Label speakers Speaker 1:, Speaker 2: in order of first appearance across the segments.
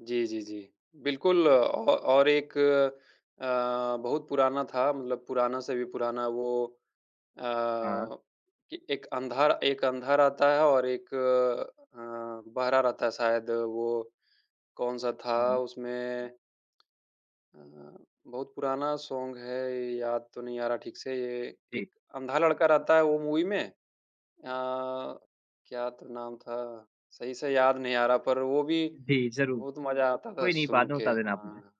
Speaker 1: जी, जी, जी। बिल्कुल अ, औ और एक अ, बहुत पुराना था। मतलब पुराना से भी पुराना वो अ,
Speaker 2: हाँ।
Speaker 1: कि ए एक अंधा र एक अंधा रहता है और एक अ, बहरा रहता है शायद वो कौन-सा था
Speaker 2: हाँ, हुँ।
Speaker 1: उसमें, अ, बहुत पुराना सॉन्ग है, याद तो नहीं आ रहा ठीक से।
Speaker 2: जी।
Speaker 1: एक अंधा लड़का रहता है वो मूवी में अ,
Speaker 2: हाँ।
Speaker 1: क्या तो नाम था? सही से याद नहीं आ रहा पर वो भी
Speaker 2: जी, ज़रूर।
Speaker 1: बहुत मज़ा आता था
Speaker 2: कोई नहीं
Speaker 1: सुन
Speaker 2: बाद में
Speaker 1: के,
Speaker 2: बता देना आप मुझे।
Speaker 1: हाँ।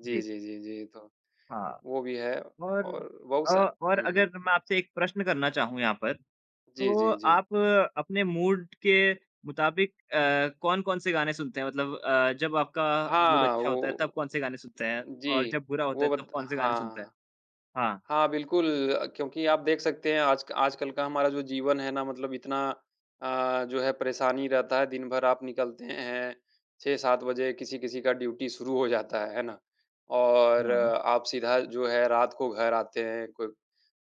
Speaker 1: जी,
Speaker 2: जी।
Speaker 1: जी, जी, जी। तो,
Speaker 2: हाँ,
Speaker 1: वो भी है
Speaker 2: और
Speaker 1: और
Speaker 2: अ,
Speaker 1: बहुत-सा
Speaker 2: और
Speaker 1: हुँ, हुँ।
Speaker 2: अगर मैं आपसे एक प्रश्न करना चाहूँ यहाँ पर,
Speaker 1: जी,
Speaker 2: तो
Speaker 1: जी, जी।
Speaker 2: आप अपने मूड के मुताबिक अ, कौन-कौन से गाने सुनते हैं? मतलब अ, जब आपका मूड
Speaker 1: हाँ,
Speaker 2: अच्छा होता है,
Speaker 1: वो
Speaker 2: तब कौन-से गाने सुनते हैं और
Speaker 1: जी,
Speaker 2: जब बुरा होता
Speaker 1: वो
Speaker 2: है तब
Speaker 1: वत
Speaker 2: कौन-से गाने सुनते हैं?
Speaker 1: हाँ।
Speaker 2: हाँ।
Speaker 1: हाँ, बिल्कुल क्योंकि आप देख सकते हैं आज क आजकल का हमारा जो जीवन है ना मतलब इतना अ, जो है परेशानी रहता है। दिन भर आप निकलते हैं, 6-7 बजे किसी-किसी का ड्यूटी शुरू हो जाता है, है ना? और
Speaker 2: या
Speaker 1: आप सीधा जो है रात को घर आते हैं, कोब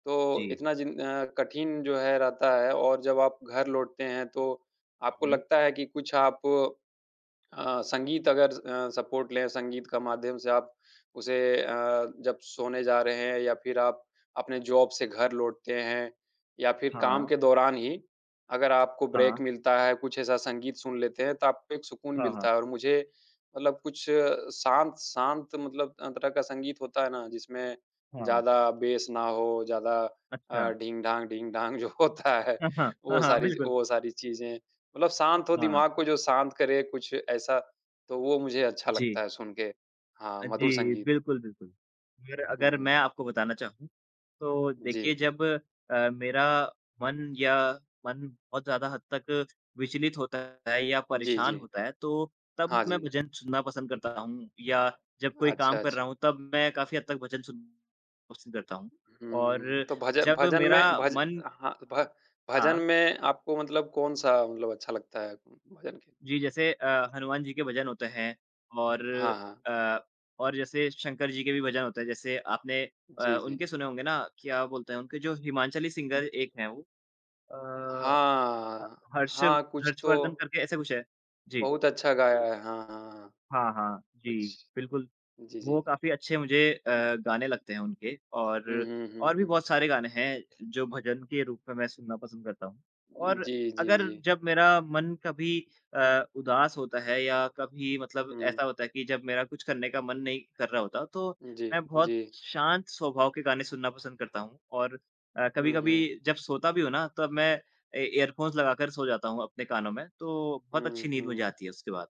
Speaker 1: तो
Speaker 2: जी।
Speaker 1: इतना जिन अ, कठिन जो है रहता है और जब आप घर लौटते हैं, तो आपको
Speaker 2: हुँ।
Speaker 1: लगता है कि कुछ आप अ, संगीत अगर अ, सपोर्ट लें, संगीत का माध्यम से आप उसे अ, जब सोने जा रहे हैं या फिर आप अपने जॉब से घर लौटते हैं। या फिर काम
Speaker 2: हाँ।
Speaker 1: के दौरान ही, अगर आपको
Speaker 2: हाँ।
Speaker 1: ब्रेक मिलता है, कुछ ऐसा संगीत सुन लेते हैं, तो आपको एक सुकून
Speaker 2: हाँ,
Speaker 1: मिलता
Speaker 2: हाँ।
Speaker 1: है। और मुझे मतलब कुछ शांत शांत मतलब अ, तरह का संगीत होता है ना, जिसमें
Speaker 2: हाँ।
Speaker 1: ज़्यादा बेस ना हो, ज़्यादा अ,
Speaker 2: अच्छा।
Speaker 1: ढिंग-ढांग, ढिंग-ढांग जो होता है,
Speaker 2: हाँ, हाँ, हाँ,
Speaker 1: वो
Speaker 2: हाँ,
Speaker 1: सारी
Speaker 2: बिल्कुल।
Speaker 1: वो सारी चीजें, मतलब शांत हो
Speaker 2: हाँ।
Speaker 1: दिमाग को जो शांत करे कुछ ऐसा, तो वो मुझे अच्छा लगता
Speaker 2: जी।
Speaker 1: है सुन के। हाँ,
Speaker 2: अ,
Speaker 1: मधुर
Speaker 2: जी,
Speaker 1: संगीत।
Speaker 2: बिल्कुल, बिल्कुल। यार अगर मैं
Speaker 1: हुँ।
Speaker 2: आपको बताना चाहूँ, तो देखिए
Speaker 1: जी।
Speaker 2: जब अ, मेरा मन या मन बहुत ज़्यादा हद तक विचलित होता है या
Speaker 1: जी,
Speaker 2: परेशान
Speaker 1: जी।
Speaker 2: होता है, तो तब
Speaker 1: हाँ
Speaker 2: मैं
Speaker 1: जी।
Speaker 2: भजन सुनना पसंद करता हूँ या जब कोई
Speaker 1: अच्छा,
Speaker 2: काम कर रहा
Speaker 1: अच्छा।
Speaker 2: हूँ, तब मैं काफ़ी हद तक भजन सुन पसंद करता हूँ।
Speaker 1: हुँ,
Speaker 2: और
Speaker 1: तो भज अ,
Speaker 2: जब
Speaker 1: भजन
Speaker 2: मेरा
Speaker 1: में भज
Speaker 2: मन
Speaker 1: हाँ, भ भजन
Speaker 2: हाँ।
Speaker 1: में आपको मतलब कौन-सा मतलब अच्छा लगता है भजन के?
Speaker 2: जी, जैसे अ, हनुमान जी के भजन होते हैं और
Speaker 1: हाँ, हाँ।
Speaker 2: अ, और जैसे शंकर जी के भी भजन होते हैं, जैसे आपने अ,
Speaker 1: जी, जी।
Speaker 2: उनके सुने होंगे ना क्या बोलते हैं उनके जो हिमांचली सिंगर एक हैं वो अ,
Speaker 1: हाँ,
Speaker 2: ह
Speaker 1: हाँ।
Speaker 2: हर्षव
Speaker 1: हाँ, कुछ
Speaker 2: हर्षवर्धन
Speaker 1: तो
Speaker 2: करके ऐसा कुछ हैं। जी।
Speaker 1: बहुत अच्छा गाया है। हाँ, हाँ, हाँ।
Speaker 2: हाँ, हाँ। जी,
Speaker 1: कुछ
Speaker 2: बिल्कुल,
Speaker 1: जी,
Speaker 2: वो
Speaker 1: जी।
Speaker 2: काफ़ी अच्छे मुझे अ, गाने लगते हैं उनके,
Speaker 1: हुँ,
Speaker 2: और
Speaker 1: हुँ, हुँ,
Speaker 2: और भी
Speaker 1: हुँ।
Speaker 2: बहुत सारे गाने हैं, जो भजन के रूप में मैं सुनना पसंद करता हूँ।
Speaker 1: उ,
Speaker 2: और
Speaker 1: जी, जी,
Speaker 2: अगर
Speaker 1: जी।
Speaker 2: जब मेरा मन कभी अ, उदास होता है या कभी मतलब
Speaker 1: हुँ।
Speaker 2: ऐसा होता है कि जब मेरा कुछ करने का मन नहीं कर रहा होता, तो
Speaker 1: जी,
Speaker 2: मैं बहुत
Speaker 1: जी।
Speaker 2: शांत स्वभाव के गाने सुनना पसंद करता हूँ। और अ,
Speaker 1: हुँ, हुँ।
Speaker 2: कभी-कभी जब सोता भी हूँ ना, तब मैं ए ईयरफोन्स लगाकर सो जाता हूँ अपने कानों में, तो बहुत अच्छी
Speaker 1: हुँ,
Speaker 2: नींद मुझे
Speaker 1: हुँ।
Speaker 2: आती है उसके बाद।